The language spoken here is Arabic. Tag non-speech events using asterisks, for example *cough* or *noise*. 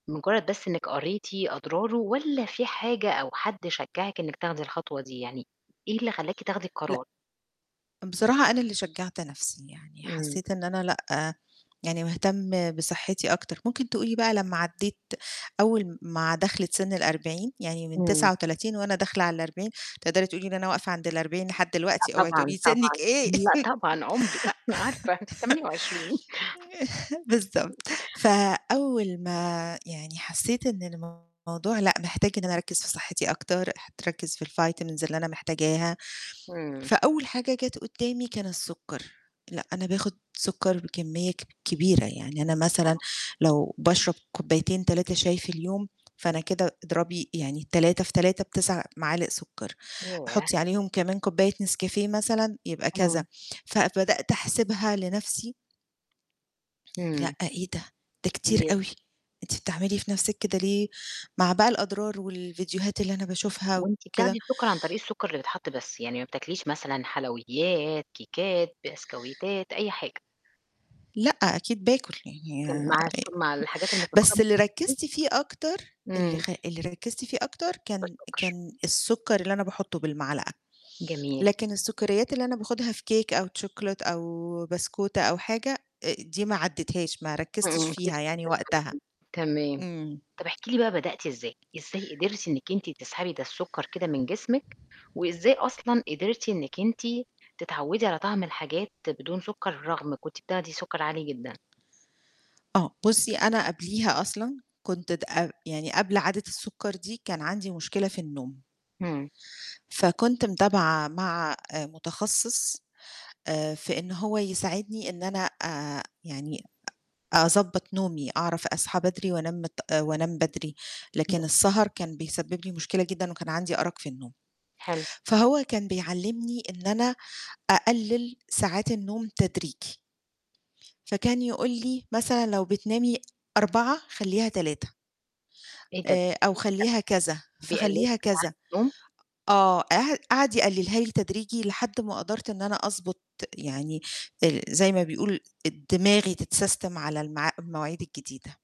لمُجرّد بس إنِّك قريتِ أضراره، والّا في حاجة أو حد شجعِك إنِّك تاخدي الخطوة دي، يعني إيه اللي خلّاكِ تاخدي لأ. القرار؟ بصراحة أنا اللي شجعت نَفْسي يعني إمم. حسّيت إن أنا لأ، يعني باهتم بصحّتي أكتر، ممكن تقولي بقى لمّا عدّيت أول م مع دَخلِة سِن ال40 يعني من إمم. 39 وأنا داخلة على ال40 تقدري تقولي إن أنا واقفة عند ال40 لحد دلوقتي لأ، اوعي تقولي طبعًا، لي سنِّك طبعًا. إيه، لأ، طبعًا عُمري أنا عارفة أنتِ 28. *laughs* بالضبط، *chuckles* فأول ما يعني حسّيت إن الموضوع لأ، محتاج إن أنا أركّز في صحّتي أكتر، ح تركّز في الvitamins اللي أنا محتاجاها، امم. فأول حاجة جات قدّامي كان السُكّر، لأ، أنا باخُد سُكّر بكمّية كب كبيرة يعني. أنا مثلًا آه. لو باشرب كوبايتين 3 شاي في اليوم، فأنا كده أضربي يعني 3 في 3 ب9 معالق سُكّر، ياه! حُطّي عليهم كمان كوباية نسكافيه مثلًا يبقى كذا، امم. فبدأت أحسبها لنَفْسي لأ، إمم. إيه ده، ده كتير كتير. أوي، أنتِ بتعملي في نَفْسِك كده ليه؟! مع بقى الأضرار والفيديوهات اللي أنا باشوفها وأنتِ وكده. بتاخدي السُكّر عن طريق السُكّر اللي بيتحَط بس، يعني ما بتاكليش مثلًا حلويات، كيكات، بسكويتات أي حاجة؟ لأ، أكيد باكُل يعني كان آآ مع الشو مع الحاجات المسكّرة بس ممكن اللي تاكلي؟ ركّزت فيه أكتر اللي إمم. خ اللي ركّزتِ فيه أكتر كان السُكّر. كان السُكّر اللي أنا باحطّه بالمعلقة، جميل. لكن السُكّريات اللي أنا باخُدها في cake أو تشوكلِت أو بسكوتة أو حاجة آآ دي ما عدّيتهاش، ما إمم، ركّزتش إمم، فيها يعني وقتها. *unintelligible* تمام. إمم. طَب احكي لي بقى بدأتِ إزاي؟ إزاي قدرتِ إنِّك أنتِ تسحبي ده السُكّر كده من جسمِك، وإزاي أصلًا قدرتِ إنِّك أنتِ تتعوّدي على طعم الحاجات بدون سُكّر رغم كنتِ بتاخدي سُكّر عالي جدًا؟ آه، بُصّي، أنا قبليها أصلًا كنت د ق يعني قبل عادة السُكّر دي كان عندي مشكلة في النوم إمم. فكنت متابعة مع آآ متخصص آآ في إن هو يساعدني إن أنا آآ يعني أ أضبّط نومي، أعرف أصحى بدري وأنام متأ وانام بدري، لكن السهر كان بيسبب لي مشكلة جدًا وكان عندي أرَق في النوم، حلو. فهو كان بيعلّمني إن أنا أقلِّل ساعات النوم تدريجي فكان يقول لي مثلًا لو بتنامي 04:00 خلّيها 03:00 إيه ده! *unintelligible* آآ أو خلّيها كذا، بيقللوا لِك فاخلّيها كذا، ساعات النوم؟! آه، قع قعد يقلِّلها لي تدريجي لحد ما قدرت إن أنا أضبط يعني ال زي ما بيقول ال دماغي تتسَسْتم على المع المواعيد الجديدة.